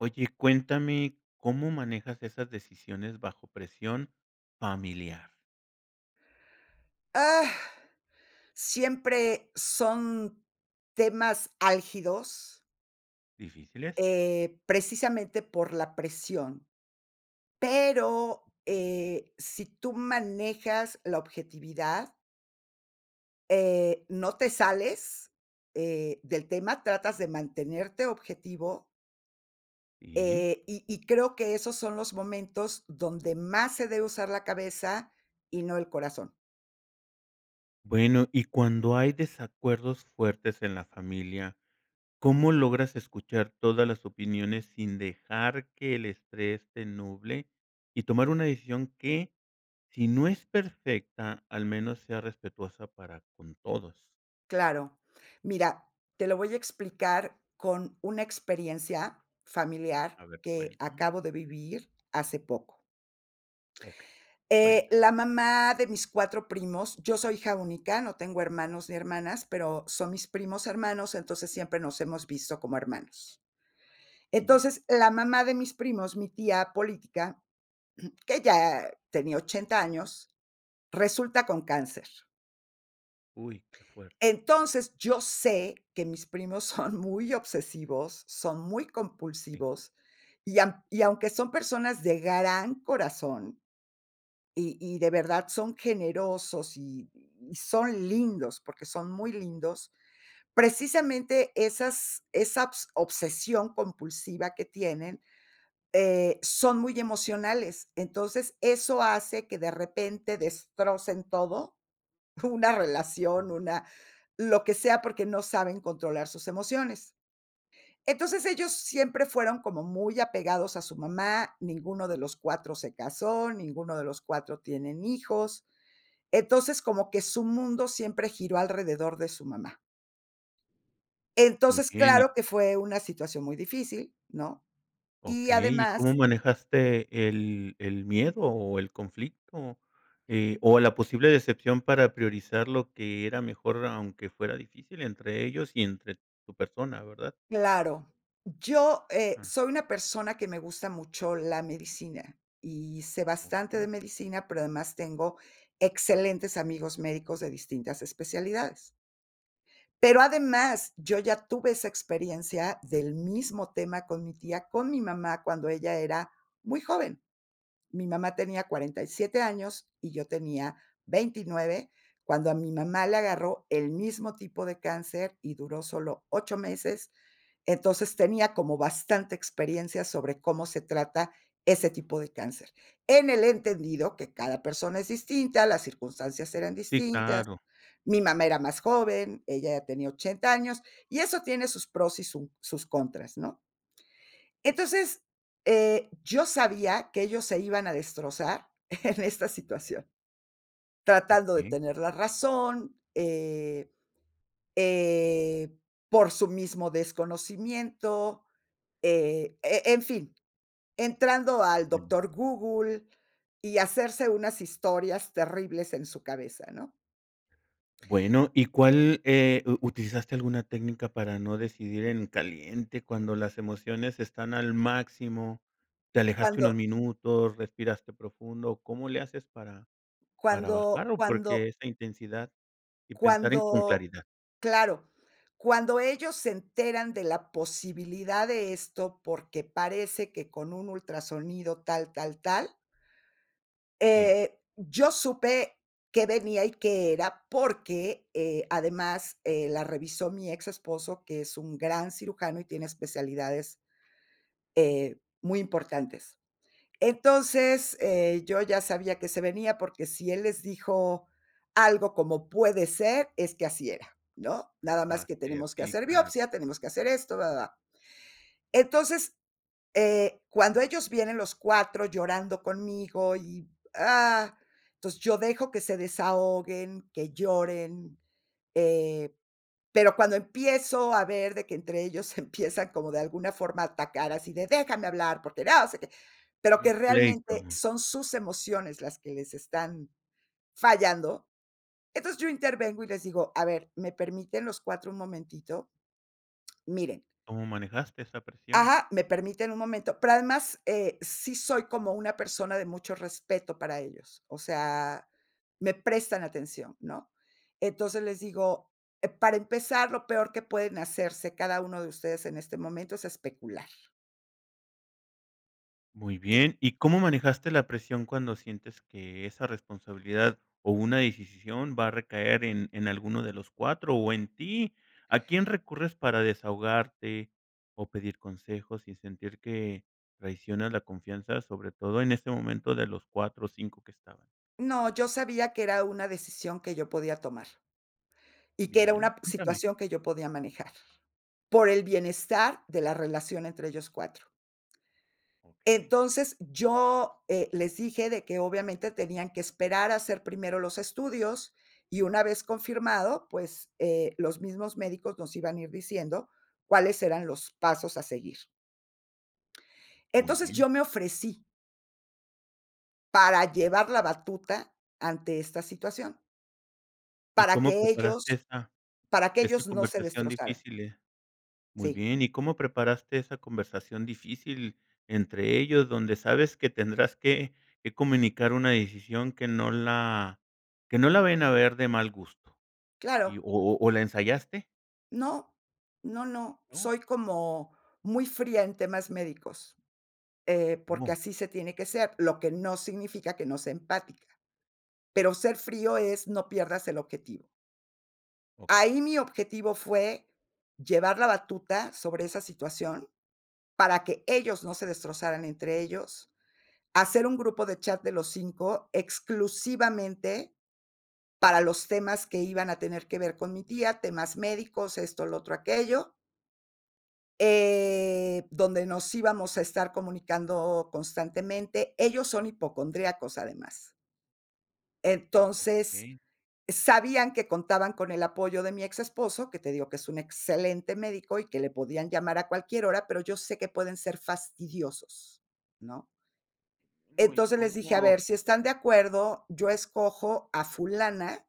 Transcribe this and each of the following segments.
Oye cuéntame, ¿cómo manejas esas decisiones bajo presión familiar? Ah, siempre son temas álgidos. ¿Difíciles? Eh, precisamente por la presión. Pero, eh, sí tú manejas la objetividad. Eh, no te sales, eh, del tema, tratas de mantenerte objetivo. Sí. Eh, y y creo que esos son los momentos donde más se debe usar la cabeza y no el corazón. Bueno, y cuando hay desacuerdos fuertes en la familia, ¿cómo logras escuchar todas las opiniones sin dejar que el estrés te nuble y tomar una decisión que, sí no es perfecta al menos sea respetuosa para con todos. Claro. Mira, te lo voy a explicar con una experiencia familiar A ver que cuéntame. acabo de vivir hace poco. Okey, Eh, cuenta. la mamá de mis 4 primos yo soy hija única, no tengo hermanos ni hermanas, pero son mis primos hermanos. Entonces siempre nos hemos visto como hermanos. Bien. Entonces, la mamá de mis primos, mi tía política, que ya tenía 80 años, resulta con cáncer. Uy. Que fuerte. Entonces, yo sé que mis primos son muy obsesivos, son muy Sí. compulsivos, y am y aunque son personas de gran corazón, y y de verdad son generosos, y y son lindos, porque son muy lindos, precisamente esas esabs obsesión compulsiva que tienen, eh, son muy emocionales. Entonces, eso hace que de repente destrocen todo, una Ujú. relación, una lo que sea porque no saben controlar sus emociones. Entonces, ellos siempre fueron como muy apegados a su mamá, ninguno de los 4 se casó, ninguno de los 4 tienen hijos. Entonces, como que su mundo siempre giró alrededor de su mamá. Muy Entonces, bien y claro que fue una situación muy difícil, ¿no? Y Okey, ¿y cómo además manejaste el el miedo o el conflicto? Eh, o la posible decepción para priorizar lo que era mejor aunque fuera difícil entre ellos y entre tu persona ¿verdad? Claro, yo, eh, Jum. soy una persona que me gusta mucho la medicina, y sé bastante de Okey. medicina, pero además tengo excelentes amigos médicos de distintas especialidades. Pero además, yo ya tuve esa experiencia del mismo tema con mi tía, con mi mamá, cuando ella era muy joven. Mi mamá tenía 47 años y yo tenía 29 cuando a mi mamá le agarró el mismo tipo de cáncer, y duró solo 8 meses. Entonces tenía como bastante experiencia sobre cómo se trata ese tipo de cáncer. En el entendido que cada persona es distinta, las circunstancias eran Sí, distintas. claro. Mi mamá era más joven, ella ya tenía 80 años, y eso tiene sus pros, y su sus contras ¿no? Entonces eh, yo sabía que ellos se iban a destrozar en esta situación. Tratando de Okey. tener la razón. Eh, eh, por su mismo desconocimiento, eh, e en fin, entrando al Sí. doctor Google y hacerse unas historias terribles en su cabeza, ¿no? Bueno, ¿y cuál, eh u utilizaste alguna técnica para no decidir en caliente cuando las emociones están al máximo? ¿Te alejaste unos Cuando minutos, respiraste profundo? ¿O cómo le haces para para Cuando bajarlo? cuando Porque esa intensidad y pensar en con cuando claridad. Claro, cuando ellos se enteran de la posibilidad de esto, porque parece que con un ultrasonido tal, tal, tal. Sí. Eh, yo supe qué venía, y qué era, porque, eh además, eh, la revisó mi exesposo, que es un gran cirujano y tiene especialidades, eh, muy importantes. Entonces, eh, yo ya sabía que se venía, porque si él les dijo algo como "puede ser", es que así era, ¿no? Nada más Así que es, tenemos que sí, hacer claro. biopsia, tenemos que hacer esto, va, va, va. Entonces, eh, cuando ellos vienen los 4 llorando conmigo y, ah, entonces yo dejo que se desahoguen, que lloren. Eh, pero cuando empiezo a ver de que entre ellos se empiezan como de alguna forma a atacar así de: "Déjame hablar, porque no sé qué", pero Un que realmente pleito. son sus emociones las que les están fallando. Entonces, yo intervengo y les digo: "A ver, ¿me permiten los 4 un momentito?" Miren ¿Cómo manejaste esa presión? Ajá, ¿me permiten un momento? Pero además, eh, sí soy como una persona de mucho respeto para ellos. O sea, me prestan atención, ¿no? Entonces, les digo, e para empezar, lo peor que pueden hacerse cada uno de ustedes en este momento es especular. Muy Sí. bien, ¿y cómo manejaste la presión cuando sientes que esa responsabilidad, o una decisisión va a recaer en en alguno de los 4, o en ti? ¿A quién recurres para desahogarte, o pedir consejos sin sentir que traicionas la confianza, sobre todo en este momento, de los 4 o 5 que estaban? No, yo sabía que era una decisión que yo podía tomar, y que era Bien, una p cuéntame. situación que yo podía manejar, por el bienestar de la relación entre ellos 4. Okey. Entonces, yo, eh, les dije de que obviamente tenían que esperar a hacer primero los estudios, y una vez confirmado, pues, eh, los mismos médicos nos iban a ir diciendo cuáles eran los pasos a seguir. Muy Entonces, bien. yo me ofrecí para llevar la batuta ante esta situación ¿Y para cómo que preparaste ellos esa para que esa ellos no se conversación destrozaran. difícil? Muy Sí. bien, ¿y cómo preparaste esa conversación difícil entre ellos, donde sabes que tendrás que que comunicar una decisión que no la que no la vayan a ver de mal gusto? Y, Claro. ¿o o o, la ensayaste? No, no, no, No. soy como muy fría en temas médicos. Eh, porque Como. así se tiene que ser, lo que no significa que no sea empática. Pero, ser frío es no pierdas el objetivo Okey. ahí mi objetivo fue llevar la batuta sobre esa situación, para que ellos no se destrozaran entre ellos, hacer un grupo de chat de los 5, exclusivamente, para los temas que iban a tener que ver con mi tía, temas médicos, esto, lo otro, aquello eh, donde nos íbamos a estar comunicando constantemente. Ellos son hipocondríacos además entonces, Okey. sabían que contaban con el apoyo de mi ex-esposo, que te digo que es un excelente médico, y que le podían llamar a cualquier hora, pero yo sé que pueden ser fastidiosos, ¿no? No, y Entonces, les dije: "A como. ver, si están de acuerdo, yo escojo a fulana,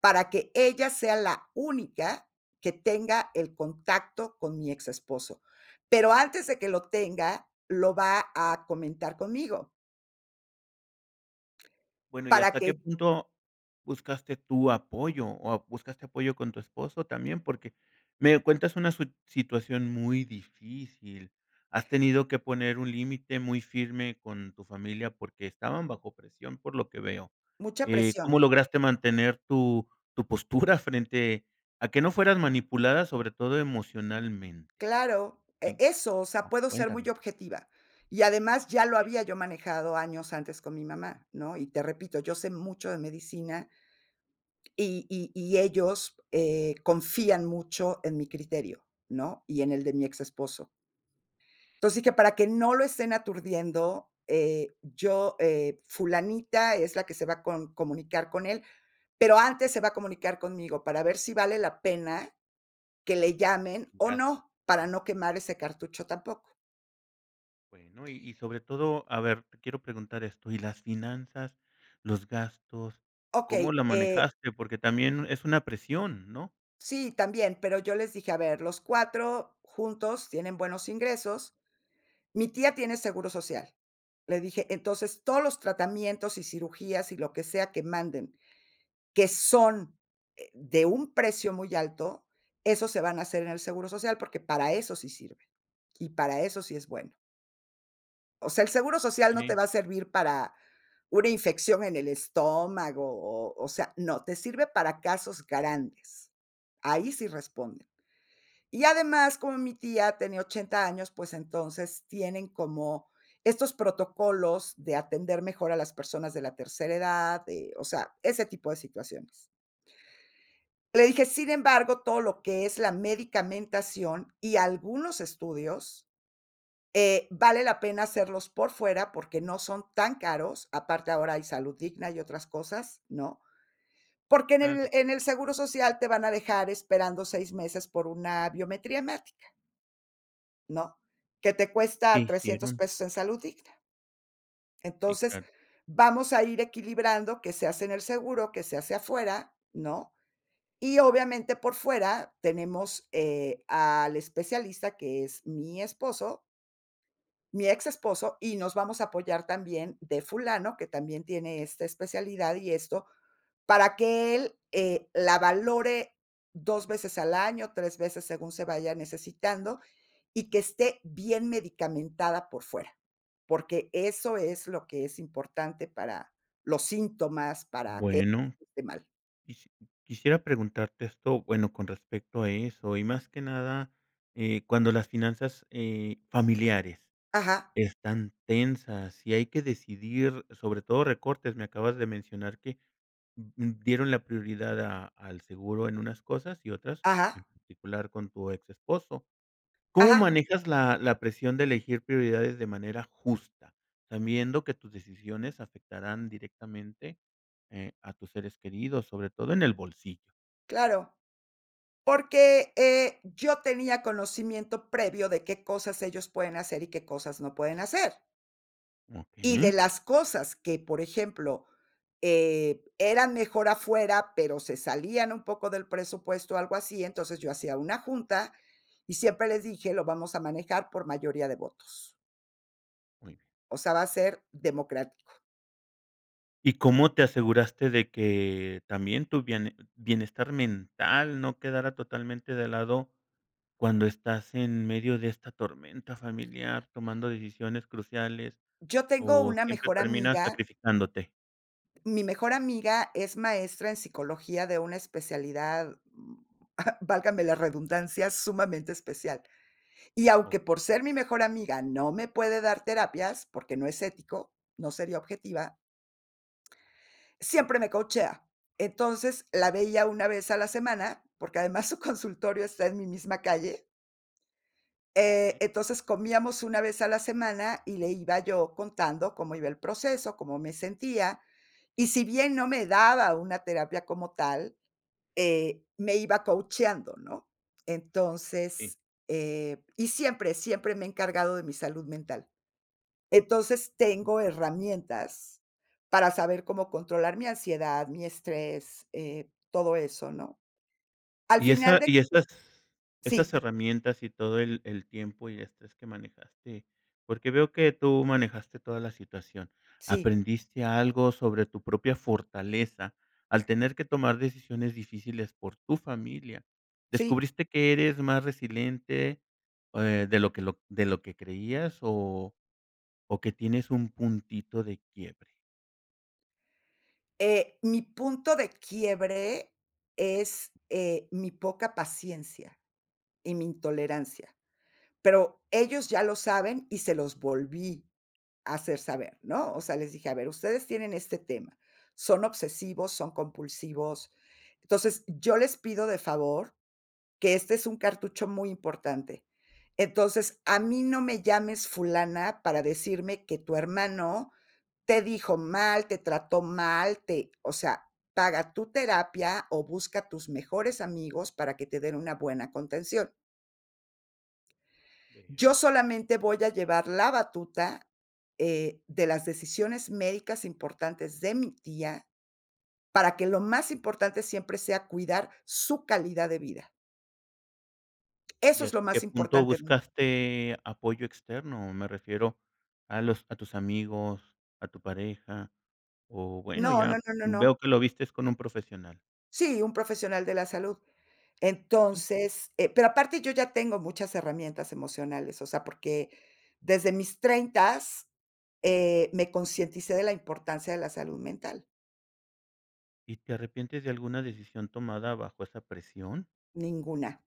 para que ella sea la única que tenga el contacto con mi ex-esposo. Pero, antes de que lo tenga, lo va a comentar conmigo" Bueno, ¿y para hasta qué que punto buscaste tu apoyo, o a buscaste apoyo con tu esposo también? Porque, me cuentas una sui situación muy difícil. Has tenido que poner un límite muy firme con tu familia, porque, estaban bajo presión por lo que veo. Mucha Eh, presión. ¿cómo lograste mantener tu tu postura frente a que no fueras manipulada, sobre todo emocionalmente? Claro, e Sí. eso o sea, Oh, puedo ser muy cuéntame. objetiva. Y además, ya lo Eh. había yo manejado años antes con mi mamá, ¿no? Y te repito, yo sé mucho de medicina y y y ellos, eh, confían mucho en mi criterio, ¿no? Y en el de mi ex-esposo entonces, sí que para que no lo estén aturdiendo, eh, yo, eh, fulanita es la que se va a con comunicar con él, pero, antes se va a comunicar conmigo, para ver si vale la pena que le llamen, Un o gasto. no, para Ah. no quemar ese cartucho tampoco. Bueno, y y sobre todo, a ver, te quiero preguntar esto, ¿y las finanzas? ¿Los gastos? ¿Cómo Okey, la eh manejaste? Porque también es una presión, ¿no? Sí, también, pero yo les dije: "A ver, los 4, juntos tienen buenos ingresos. Mi tía tiene seguro social". Le dije: "Entonces, todos los tratamientos y cirugías, y lo que sea que manden, que son, eh, de un precio muy alto, esos se van a hacer en el seguro social, porque, para eso sí sirve y para eso sí es bueno". O sea, el seguro social no te Sí. va a servir para una infección en el estómago, o o sea, no, te sirve para casos grandes, ahí sí responden. Y además, como mi tía tenía 80 años, pues, entonces, tienen como estos protocolos, de atender mejor a las personas de la tercera edad, eh, o sea, ese tipo de situaciones. Le dije: "Sin embargo, todo lo que es la medicamentación y algunos estudios, eh, vale la pena hacerlos por fuera, porque, no son tan caros, aparte ahora hay Salud Digna y otras cosas, ¿no? Porque en el Claro. en el seguro social, te van a dejar esperando 6, meses por una biometría hemática. ¿No? Que te ¿Qué cuesta $300 hicieron? pesos en salud digna. Sí, Entonces, claro. vamos a ir equilibrando que se hace en el seguro, que se hace afuera, ¿no? Y obviamente, por fuera tenemos, eh, al especialista, que es mi esposo mi ex esposo, y nos vamos a apoyar también de fulano, que también tiene esta especialidad y esto, para que él, eh, la valore 2 veces al año, 3 veces según se vaya necesitando, y que esté bien medicamentada por fuera. Porque, eso es lo que es importante para los síntomas, para que [unintelligible] Bueno, no esté mal. quisi quisiera preguntarte esto, bueno, con respecto a eso, y más que nada, eh, cuando las finanzas, eh, familiares Ajá. están tensas, y hay que decidir, sobre todo recortes. Me acabas de mencionar que d d dieron la prioridad a al seguro en unas cosas y otras, Ajá. en particular con tu exesposo, ¿cómo Ajá. manejas la la presión de elegir prioridades de manera justa, sabiendo que tus decisiones afectarán directamente, eh, a tus seres queridos, sobre todo en el bolsillo? Claro, porque, eh, yo tenía conocimiento previo de qué cosas ellos pueden hacer, y qué cosas no pueden hacer. Y de Okey. las cosas que, por ejemplo, eh, eran mejor afuera, pero se salían un poco del presupuesto, algo así, entonces yo hacía una junta, y siempre les dije: "Lo vamos a manejar por mayoría de votos". Uy. O sea, va a ser democrático. ¿Y cómo te aseguraste de que también tu biene bienestar mental no quedara totalmente de lado cuando estás en medio de esta tormenta familiar tomando decisiones cruciales, Yo tengo o una siempre mejor terminas amiga. sacrificándote? Mi mejor amiga es maestra en psicología de una especialidad, válgame la redundancia, sumamente especial. Y aunque Okey. por ser mi mejor amiga no me puede dar terapias, porque no es ético, no sería objetiva. Siempre me coachea. Entonces, la veía 1 vez a la semana, porque además su consultorio está en mi misma calle. Eh, Okey. entonces comíamos 1 vez a la semana, y le iba yo contando cómo iba el proceso, cómo me sentía. Y si bien no me daba una terapia como tal, eh, me iba coacheando Sí. controlar mi ansiedad, mi estrés, eh, todo eso, ¿no? Al Y final esa de y esas esas ¿Sí? herramientas, y todo el el tiempo y estrés que manejaste, porque veo que tú manejaste toda la situación, Sí. ¿aprendiste algo sobre tu propia fortaleza, al tener que tomar decisiones difíciles por tu familia? Sí. ¿Descubriste que eres más resiliente, eh, de lo que lo de lo que creías, o o que tienes un puntito de quiebre? Eh, mi punto de quiebre es, eh, mi poca paciencia y mi intolerancia. Pero, ellos ya lo saben, y se los volví a hacer saber, ¿no? O sea, les dije, a ver, ustedes tienen este tema. Son obsesivos, son compulsivos. Entonces, yo les pido de favor, que este es un cartucho muy importante. Entonces, a mí no me llames fulana, para decirme que tu hermano te dijo mal, te trató mal, te o sea, paga tu terapia, o busca tus mejores amigos para que te den una buena contención. Yo Veo. solamente voy a llevar la batuta, eh, de las decisiones médicas importantes de mi tía, para que lo más importante siempre sea cuidar su calidad de vida. Eso ¿Y es lo hasta qué más punto importante mío. buscaste apoyo externo? Me refiero a los a tus amigos, a tu pareja, o bueno, No, no, ya no, no, no. veo que lo vistes con un profesional. Sí, un profesional de la salud. Entonces eh, pero, aparte yo ya tengo muchas herramientas emocionales, o sea, porque desde mis treintas, eh, me concienticé de la importancia de la salud mental. ¿Y te arrepientes de alguna decisión tomada bajo esa presión? Ninguna.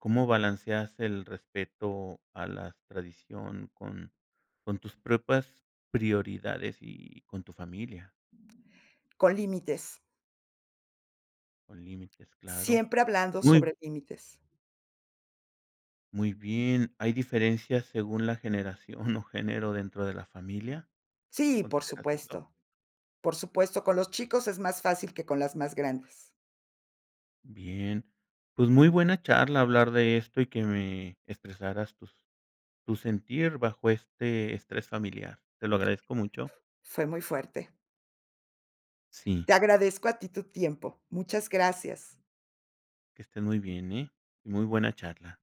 ¿Cómo balanceas el respeto a la tradición con con tus propias prioridades y con tu familia? Con límites. Con límites, claro. Siempre hablando Muy sobre límites. Muy bien, ¿hay diferencias según la generación, o género dentro de la familia? Sí, por ¿Consideras eso? supuesto. Por supuesto, con los chicos es más fácil que con las más grandes. Bien, pues, muy buena charla hablar de esto, y que me expresaras tus tu sentir bajo este estrés familiar. Te lo agradezco mucho. Fue muy fuerte. Sí. Te agradezco a ti tu tiempo. Muchas gracias. Que estés muy bien, eh, muy buena charla.